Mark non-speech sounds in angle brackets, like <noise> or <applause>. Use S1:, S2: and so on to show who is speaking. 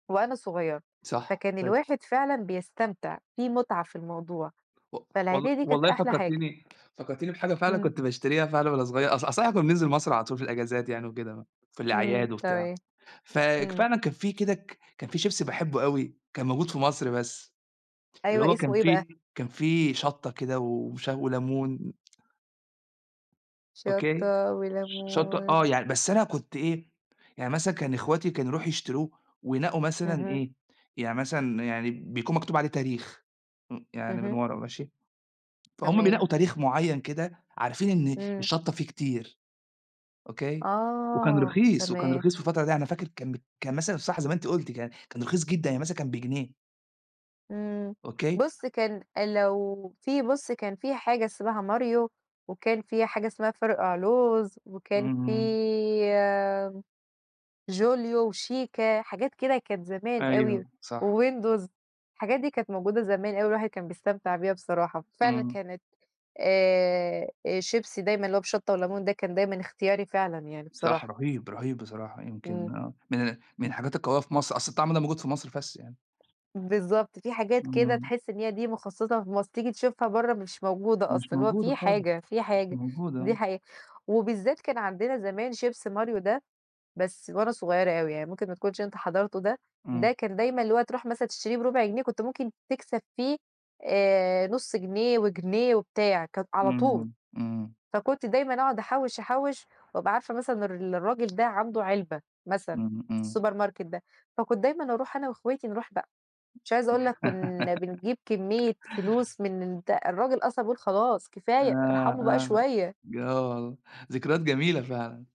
S1: وأنا صغيرة،
S2: صح،
S1: فكان
S2: فاكر.
S1: الواحد فعلًا بيستمتع، في متعة في الموضوع.
S2: و وال
S1: فالعيدية دي كانت
S2: والله
S1: أحلى حاجة.
S2: فكرتيني فكرتيني بحاجة فعلًا
S1: امم.
S2: كنت باشتريها فعلًا وأنا صغيّر، أص أصل احنا كنا بننزل مصر على طول في الأجازات يعني وكده، في
S1: امم،
S2: الأعياد وبتاع،
S1: تمام،
S2: فك
S1: امم.
S2: فعلًا كان في كده ك كان في شيبسي باحبه أوي، كان موجود في مصر بس، اللي
S1: أيوة
S2: هو
S1: اسمه
S2: كان
S1: إيه بقى؟
S2: فيه كان فيه شطة كده ووش وليمون. أوكي،
S1: شطة
S2: ش شطة آه
S1: وليمون.
S2: يعني بس أنا كنت إيه، يعني مثلًا كان اخواتي كانوا يروحوا يشتروه وينقّوا مثلًا
S1: اهم.
S2: إيه، يعني مثلًا يعني بيكون مكتوب عليه تاريخ، امم، يعني من
S1: اهم.
S2: ورا، ماشي، فهُم
S1: تمام.
S2: بينقّوا تاريخ معيّن كده عارفين إن
S1: امم.
S2: الشطة فيه كتير، أوكي، وكان
S1: آه،
S2: رخيص، وكان
S1: تمام.
S2: رخيص في الفترة دي أنا فاكر كان ب كان مثلًا صح زي ما أنتِ قُلتِ يعني، كان رخيص جدًا، يعني مثلًا كان بجنيه.
S1: إمم.
S2: أوكي؟
S1: بُصّ كان لو في بُصّ كان فيه حاجة اسمها ماريو، وكان فيه حاجة اسمها فرقع لوز، وكان في
S2: اهم.
S1: آمم، جوليو وشيكا، حاجات كده كانت زمان
S2: أيوة،
S1: أوي،
S2: صح.
S1: وويندوز. الحاجات دي كانت موجودة زمان أوي، الواحد كان بيستمتع بيها بصراحة. فعلًا
S2: امم.
S1: كانت آآ، شيبسي دايمًا اللي هو بشطة وليمون ده كان دايمًا اختياري فعلًا يعني
S2: صح،
S1: بصراحة.
S2: رهيب، رهيب بصراحة يمكن
S1: امم.
S2: من ال من الحاجات القوية في مصر، أصل الطعم ده موجود في مصر بس يعني.
S1: بالضبط. في حاجات كده
S2: امم.
S1: تحس إن هي دي مخصصة في مصر، تيجي تشوفها برّا مش موجودة أصلًا.
S2: مش
S1: اللي هو
S2: موجودة
S1: في
S2: خالص،
S1: حاجة، في
S2: مش
S1: حاجة،
S2: موجودة،
S1: دي
S2: آه.
S1: حاجة. وبالذات كان عندنا زمان شيبسي ماريو ده، بس وأنا صغيّرة أوي يعني، ممكن ما تكونش أنت حضرته ده. ده
S2: امم.
S1: كان دايمًا اللي هو تروح مثلًا تشتريه بربع جنيه، كنت ممكن تكسب فيه آآ، نُص جنيه وجنيه وبتاع، كان على طول.
S2: امم، امم.
S1: فكنت دايمًا أقعد أحوّش أحوّش، وأبقى عارفة مثلًا إن ر الراجل ده عنده علبة، مثلًا،
S2: امم، امم.
S1: السوبر ماركت ده. فكنت دايمًا أروح أنا واخواتي نروح بقى. مش عايزة أقول لك كنا بنجيب
S2: <laughs>
S1: كمية فلوس من الد الراجل أصلًا بيقول: "خلاص
S2: آآ،
S1: كفاية، ارحموا بقى
S2: آآ،
S1: شوية".
S2: ج آه، ذكريات جميلة فعلًا.